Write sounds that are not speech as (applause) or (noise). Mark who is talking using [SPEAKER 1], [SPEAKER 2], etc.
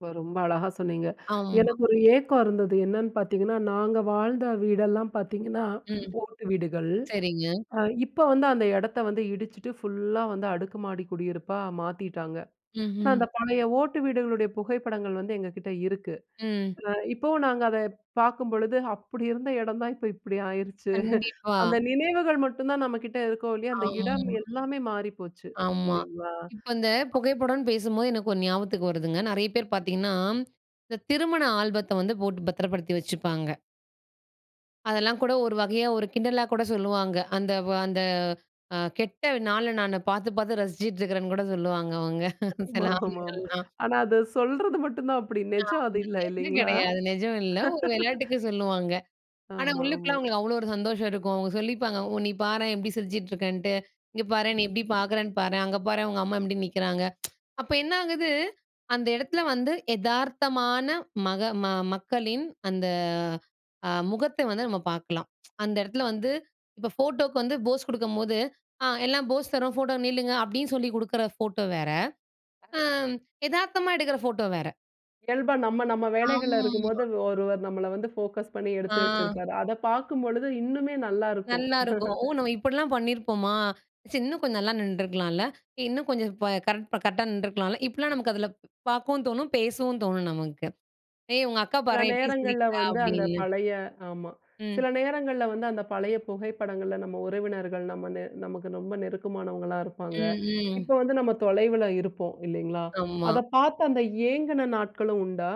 [SPEAKER 1] இப்போ ரொம்ப அழகா சொன்னீங்க.
[SPEAKER 2] ஆமா.
[SPEAKER 1] எனக்கு ஒரு ஏக்கம் இருந்தது. என்னன்னு பாத்தீங்கன்னா, நாங்க வாழ்ந்த வீடெல்லாம் பாத்தீங்கன்னா, ம்
[SPEAKER 2] ம்.
[SPEAKER 1] ஓட்டு வீடுகள்.
[SPEAKER 2] சரிங்க.
[SPEAKER 1] அ இப்போ வந்து அந்த எடத்த வந்து இடிச்சுட்டு, ஃபுல்லா வந்து அடுக்கு மாடி குடியிருப்பா மாத்தீட்டாங்க. ஆனா,
[SPEAKER 2] ம்ஹ்ம்.
[SPEAKER 1] அந்த பழைய ஓட்டு வீடுகளுடைய புகைப்படங்கள் வந்து எங்ககிட்ட இருக்கு.
[SPEAKER 2] ம்.
[SPEAKER 1] அ இப்போவும் நாங்க அத பாக்கும்பொழுது, அப்படி இருந்த எடந்தான், இப்ப இப்டி ஆயிருச்சு.
[SPEAKER 2] கண்டிப்பா.
[SPEAKER 1] அந்த நினைவுகள் மட்டுந்தான் நம்ம கிட்ட இருக்கும், இல்லையா! அந்த இடம்,
[SPEAKER 2] ஆமா.
[SPEAKER 1] எல்லாமே மாறிப்போச்சு
[SPEAKER 2] ஆமா.
[SPEAKER 1] இல்லிங்களா.
[SPEAKER 2] இப்போ இந்த
[SPEAKER 1] அப்
[SPEAKER 2] புகைப்படம்ன்னு பேசும்போது, எனக்கு ஒண்ணு ஞாபகத்துக்கு வருதுங்க. நெறையா பேர் பாத்தீங்கன்னா, இந்த திருமண ஆல்பத்த வந்து போட்டு பத்திரப்படுத்தி வச்சுப்பாங்க. அதெல்லாம் கூட ஒரு வகையா, ஒரு கிண்டலா கூட சொல்லுவாங்க. அந்த வ அந்த அ கெட்ட நாள, நானு பாத்து பாத்து ரசிச்சிட்டு இருக்கறேன்னு கூட சொல்லுவாங்க அவுங்க.
[SPEAKER 1] (unintelligible)
[SPEAKER 2] சில
[SPEAKER 1] ஆமா ஆமாமா.
[SPEAKER 2] ஆண்கள்லாம்.
[SPEAKER 1] ஆனா, அத சொல்றது மட்டுந்தான் அப்டி
[SPEAKER 2] ஆ
[SPEAKER 1] நெஜம் அது இல்ல!
[SPEAKER 2] (unintelligible)
[SPEAKER 1] இல்லீங்களா?
[SPEAKER 2] கிடையாது, நெஜம் இல்ல ஒரு வெளயாட்டுக்கு சொல்லுவாங்க. ஆனா
[SPEAKER 1] ஆமா
[SPEAKER 2] உள்ளுக்குள்ள
[SPEAKER 1] ஆமா.
[SPEAKER 2] அவுங்களுக்கு அவ்ளோ ஒரு சந்தோஷம் இருக்கும். அவுங்க சொல்லிப்பாங்க. ஒ நீ பாரேன் எப்டி சிரிச்சிட்டு இருக்கன்ட்டு, "இங்க பாரேன் நீ எப்டி பாக்குறன்னு பாரேன். அங்க பாரேன் உங்க அம்மா எப்டி நிக்கிறாங்க." (tsk) அப்போ என்னா ஆகுது? அந்த எடத்துல வந்து, எதார்த்தமா மக ம மக்களின் அந்த, அ முகத்த வந்து நம்ம பாக்கலாம். (tsk) அந்த எடத்தல வந்து இப்போ ஃபோட்டோக்கு வந்து போஸ் குடுக்கும்போது "ஆ எல்லாம் போஸ் தரோம் ஃபோட்டோல நில்லுங்க" அப்படின்னு சொல்லி குடுக்குற ஃபோட்டோ வேற! அம்
[SPEAKER 1] (unintelligible)
[SPEAKER 2] எதார்த்தமா எடுக்கிற ஃபோட்டோ வேற.
[SPEAKER 1] இயல்பா நம்ம நம்ம வேலைகள்ல
[SPEAKER 2] ஆமா.
[SPEAKER 1] இருக்கும்போது, ஒருவர் நம்மள வந்து போகஸ் பண்ணீ
[SPEAKER 2] ஆ.
[SPEAKER 1] எடுத்து வெச்சிருப்பாரு. அத பாக்கும் பொழுது இன்னுமே நல்லாருக்கும்.
[SPEAKER 2] நல்லாருக்கும். ஓ!
[SPEAKER 1] (chuckles)
[SPEAKER 2] நம்ம இப்படிலாம் பண்ணீருப்போமா? ச்சி இன்னும் கொஞ்சம் நல்லா நின்றுக்கலாம்ல்ல! எ இன்னும் கொஞ்சம் ப கரெக்ட் ப கரெக்ட்டா நின்றுருக்கலாம்ல்ல, இப்படிலாம் நமக்கு அதுல பாக்கவும் தோணும், பேசவும் தோணும் நமக்கு. "ஏய் உங்க அக்கா
[SPEAKER 1] சில
[SPEAKER 2] பாரேன் எப்டி
[SPEAKER 1] நேரங்கள்ல
[SPEAKER 2] சிரிக்கிறா?"
[SPEAKER 1] வந்து, அந்த
[SPEAKER 2] அப்டின்னு
[SPEAKER 1] பழைய ஆமா.
[SPEAKER 2] ம்.
[SPEAKER 1] சில நேரங்கள்ல வந்து, அந்த பழய புகைப்படங்கள்ல நம்ம உறவினர்கள், நம்ம நெ நமக்கு ரொம்ப நெருக்கமானவங்களா இருப்பாங்க.
[SPEAKER 2] ம் ம்.
[SPEAKER 1] இப்போ வந்து நம்ம தொலைவில இருப்போம். இல்லீங்களா.
[SPEAKER 2] ஆமா.
[SPEAKER 1] அத பாத்து அந்த ஏங்குன நாட்களும் உண்டா?